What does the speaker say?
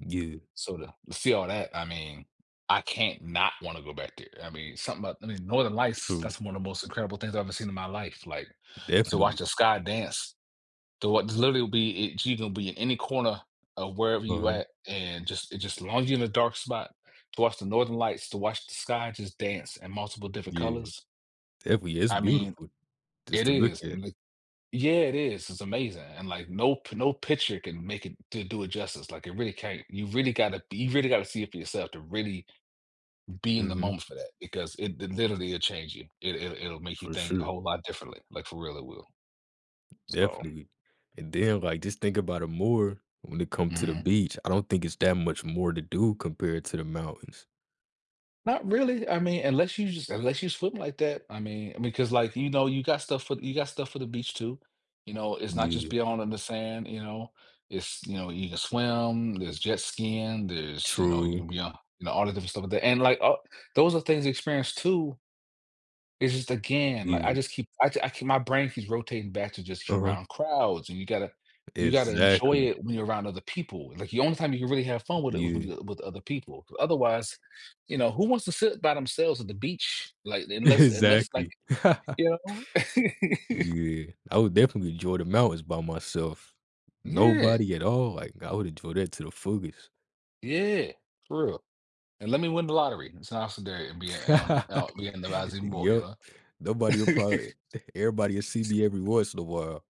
Yeah. So, to see all that, I mean, I can not want to go back there, I mean, something about, I mean, Northern Lights, True. that's one of the most incredible things I've ever seen in my life, like, so watch Definitely. the sky dance, to wa literally will be it you gonna be in any corner of wherever you're Uh-huh. at, and just it just as long as you're in a dark spot to watch the Northern Lights, to watch the sky just dance in multiple different Yeah, colors. definitely it's I mean, beautiful, just it to look is, at. and l Yeah, it is, it's amazing, and like, no p no picture can make it to do it justice, like, it really can't, you really gotta be you really gotta see it for yourself to really be in the Mhm. moment for that, because it it literally it'll change you, it it it'll make you For think a sure. whole lot differently, like for real it will. So Definitely, and then like just think about it more when it come to the Mhm. beach. I don't think it's that much more to do compared to the mountains. Not really, I mean, unless you just unless you swim like that, I mean, because like, you know, you got stuff for you got stuff for the beach too, you know, it's not just Yeah. being all in the sand, you know, it's you know, you can swim, there's jet skiing, there's you know, you True. can be on you know, all the different stuff like that, and like, uh, those are things to experience too. It's just again, like, I Yeah. just keep, I I keep my brain keeps rotating back to just you're Uh-huh. around crowds, and you gotta you gotta enjoy Exactly. it when you're around other people, like, the only time you can really have fun with it was when Yeah. you uh, with other people. Otherwise, you know, who wants to sit by themselves at the beach, like, unless unless like Exactly. you know? Yeah, I would definitely enjoy the mountains by myself. Yeah. Nobody at all, like I would enjoy that to the fullest. Yeah, for real, and let me win the lottery. It's an awesome day and be a a out be in the rising boat, you Yup. know. Nobody will probably everybody will see me every once in a while.